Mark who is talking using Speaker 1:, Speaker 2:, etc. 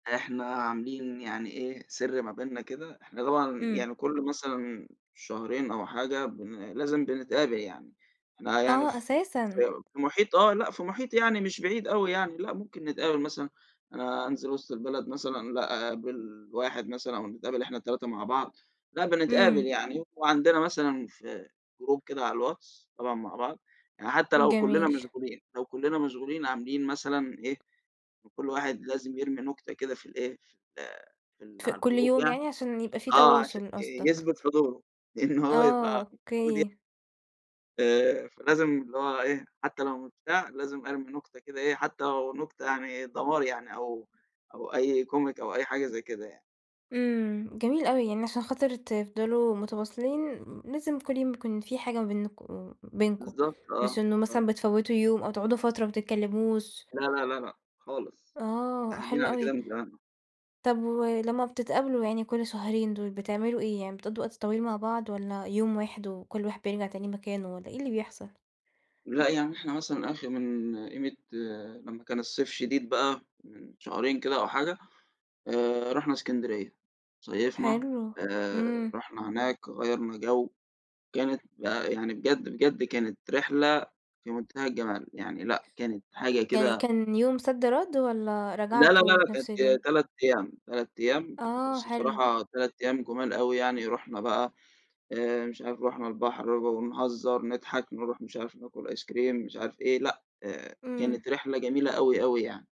Speaker 1: إحنا عاملين يعني إيه، سر ما بيننا كده، إحنا طبعًا
Speaker 2: إمم.
Speaker 1: يعني كل مثلًا شهرين أو حاجة بن لازم بنتقابَل يعني، إحنا يعني
Speaker 2: آه،
Speaker 1: ف
Speaker 2: أساسًا.
Speaker 1: في في محيط، آه لا، في محيط يعني مش بعيد أوي يعني، لا، ممكن نتقابَل مثلًا أنا انزِل وسط البلد مثلًا، لأ، أقابِل واحد مثلًا ونتقابَل إحنا ال3 مع بعض، لأ بنتقابَل
Speaker 2: إمم.
Speaker 1: يعني. وعندنا مثلًا في group كده على الواتس، طبعًا مع بعض يعني، حتى لو كُلَّنا
Speaker 2: جميل.
Speaker 1: مشغولين لو كُلَّنا مشغولين عاملين مثلًا إيه، كل واحد لازم يرمِي نكتة كده في ال إيه، في ال في ال
Speaker 2: ف
Speaker 1: على
Speaker 2: كل
Speaker 1: الgroup
Speaker 2: يوم
Speaker 1: يعني،
Speaker 2: يعني، عشان يبقى في
Speaker 1: آه عشان
Speaker 2: تواصُل، قصدك؟
Speaker 1: يُثبِت حضوره، إن هو
Speaker 2: آه،
Speaker 1: يبقى موجود
Speaker 2: أوكي.
Speaker 1: آآ، فلازم اللي هو إيه، حتى لو مش بتاع، لازم أرمِي نكتة كده إيه، حتى لو نكتة يعني دمار يعني، أو أو أي comic أو أي حاجة زي كده يعني.
Speaker 2: إمم، جميل أوي، يعني عشان خاطر تفضَلوا متواصِلين امم، لازم كل يوم يكون في حاجة ما بينكُم بينكُم،
Speaker 1: بالضبط
Speaker 2: مش
Speaker 1: آه،
Speaker 2: إنه
Speaker 1: آه.
Speaker 2: مثلًا بتفوتوا يوم أو تقعُدوا فترة ما بتتكلَّموش.
Speaker 1: لأ، لأ، لأ، لأ، خالص،
Speaker 2: آه،
Speaker 1: قاعدين
Speaker 2: حلو
Speaker 1: على كده
Speaker 2: أوي.
Speaker 1: من زمان.
Speaker 2: طب ولمّا بتتقابَلوا يعني كل شهرين دول، بتعمَلوا إيه يعني؟ بتقضُّوا وقت طويل مع بعض والّا يوم واحد وكل واحد بيرجَع تاني مكانه، والّا إيه اللي بيحصَل؟
Speaker 1: لا يعني إحنا مثلًا آخِر من قيمة لمّا كان الصيف شديد بقى من شهرين كده أو حاجة، آآ، رُحنا إسكندرية صيفنا،
Speaker 2: حلو،
Speaker 1: آآ
Speaker 2: إمم.
Speaker 1: رُحنا هناك، غيَّرنا جو، كانت بق يعني بجد، بجد كانت رحلة في منتهى الجمال يعني، لأ كانت حاجة
Speaker 2: يعني
Speaker 1: كده
Speaker 2: كان يوم صَدّ رَدّ والّا
Speaker 1: لا لا
Speaker 2: رجعتوا
Speaker 1: لأ،
Speaker 2: في نفس
Speaker 1: كانت
Speaker 2: اليوم؟
Speaker 1: 3 أيام، 3 أيام، [unintelligible]
Speaker 2: آه،
Speaker 1: بس
Speaker 2: حلو.
Speaker 1: بصراحة 3 أيام جُمال أوي يعني، رُحنا بقى آآ، مش عارِف، رُحنا البحر [unintelligible] ونهزَر، نضحَك، ونرُوح مش عارِف، ناكُل ice-cream، مش عارِف إيه، لأ، آآ،
Speaker 2: إمم.
Speaker 1: كانت رحلة جميلة أوي، أوي يعني.